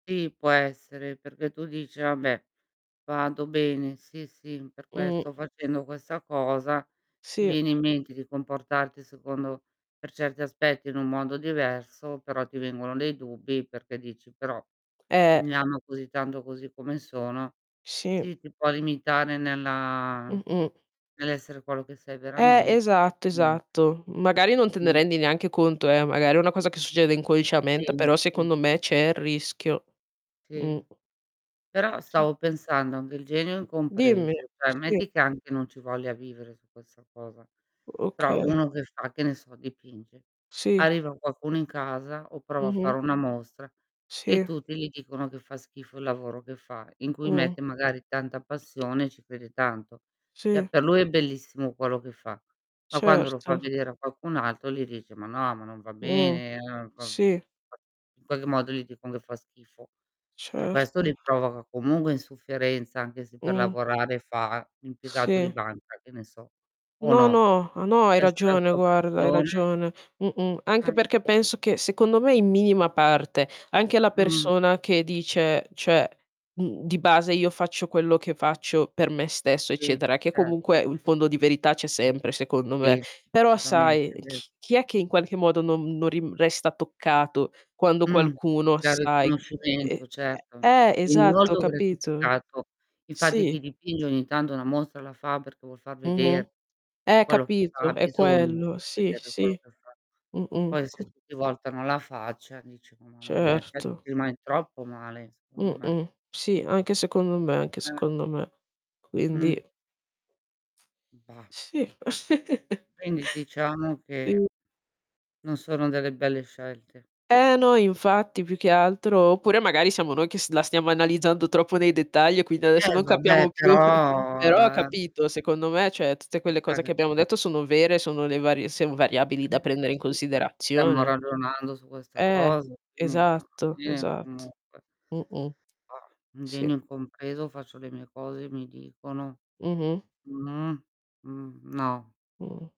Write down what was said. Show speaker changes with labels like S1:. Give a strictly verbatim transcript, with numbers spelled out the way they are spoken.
S1: Sì, può essere perché tu dici: "Vabbè, vado bene". Sì, sì, per
S2: Mh.
S1: questo facendo questa cosa, ti
S2: Sì.
S1: viene in mente che comportarti secondo per certi aspetti in un mondo diverso, però ti vengono dei dubbi perché dici: "Però,
S2: Eh.
S1: mi amo così tanto così come sono"
S2: Sì.
S1: sì, ti può limitare nella
S2: Mh-mh.
S1: nell'essere quello che sei
S2: Eh.
S1: verament
S2: Esatto,
S1: [unintelligible]
S2: esatto. Magari, non te ne
S1: Mh.
S2: rendi neanche conto, eh. Magari, è una cosa che succede
S1: Sì.
S2: inconsciamente, però
S1: Sì,
S2: secondo
S1: sì,
S2: me c'è
S1: sì.
S2: il rischio.
S1: Sì.
S2: Mh.
S1: Però,
S2: Sì, s
S1: stavo pensando a un bel genio
S2: Dimmi.
S1: incompreso, ceh,
S2: Sì.
S1: metti che anche non ci voglia vivere su questa cosa. Però,
S2: Okay.
S1: uno che fa che ne so dipinge,
S2: Sì.
S1: arriva qualcuno in casa, o prova a fare
S2: Mh-mh.
S1: una mostra, e
S2: Sì.
S1: tutti li dicono che fa schifo il lavoro che fa, in cui
S2: Mh.
S1: mette magari tanta passione, e ci crede tanto. ceh,
S2: Sì.
S1: per lui è bellissimo quello che fa, ma quando lo fa
S2: Certo.
S1: vedere a qualcun altro gli dice: "Ma no, ma non va
S2: Mh.
S1: bene"
S2: Sì.
S1: [unintelligible] In qualche modo gli dicon che fa schifo. ceh, questo
S2: Certo.
S1: li provoca comunque insufferenza, anche se per
S2: Mh.
S1: lavorare fa l'impiegato di
S2: Sì.
S1: banca, che ne so, o
S2: No,
S1: no?
S2: no. Ah, no, hai
S1: Essere
S2: ragione,
S1: [unintelligible]
S2: guarda. Hai
S1: pressione
S2: ragione. Mh-mh. Anche
S1: Eh,
S2: perché
S1: sì.
S2: penso che, secondo me, in minima parte, anche la
S1: Mh.
S2: persona che dice: "ceh, mhmm, di base io faccio quello che faccio per me stesso",
S1: Sì.
S2: eccetera, che
S1: Certo.
S2: comunque u il fondo di verità c'è sempre, secondo me.
S1: Sì.
S2: Però
S1: solutamente.
S2: sai
S1: è ve
S2: ch chi è che in qualche modo non non ri resta toccato quando
S1: Mh.
S2: qualcuno,
S1: Dal
S2: sai mhmm, ehm,
S1: riconoscimento, certo.
S2: ehm, eh,
S1: In un
S2: esatto,
S1: volto
S2: capito?
S1: gratificato. Infatti,
S2: Sì.
S1: chi dipinge ogni tanto una mostra la fa perché vuol far
S2: Mh-mh.
S1: veder
S2: Eh,
S1: quello che ha
S2: capito, è
S1: bisogno di
S2: quello.
S1: far
S2: Sì,
S1: vedere quello
S2: sì.
S1: che fa.
S2: Mh-mh.
S1: Poi, se
S2: Co
S1: tutti voltano la faccia, dici: "Mò, mamma mia". ceh, ci
S2: Certo.
S1: rimani troppo male i secondo me.
S2: Mh-mh. Sì, anche secondo me, anche
S1: Eh.
S2: secondo me. Quindi
S1: Mh. Bah.
S2: Sì.
S1: Quindi, diciamo che
S2: Mh.
S1: non sono delle belle scelte.
S2: Eh, no, infatti più che altro oppure, magari, siamo noi che s la stiamo analizzando troppo nei dettagli, e quindi adesso
S1: Eh,
S2: non
S1: vabbè,
S2: capiamo più
S1: però,
S2: però,
S1: ehm
S2: capito, secondo me, cioè tutte quelle cose che
S1: [unintelligible]
S2: abbiamo detto sono vere, sono le varie sen variabili da prendere in
S1: [unintelligible] Stiamo
S2: considerazione.
S1: ragionando su questa
S2: Eh.
S1: cosa, quindi
S2: Esatto,
S1: [unintelligible]
S2: esat
S1: comunque.
S2: mh-mh.
S1: Bah. Un genio
S2: Sì.
S1: incompreso faccio le mie cose, mi dicono
S2: Mh-mh.
S1: mh. Mhmm, no.
S2: Mh.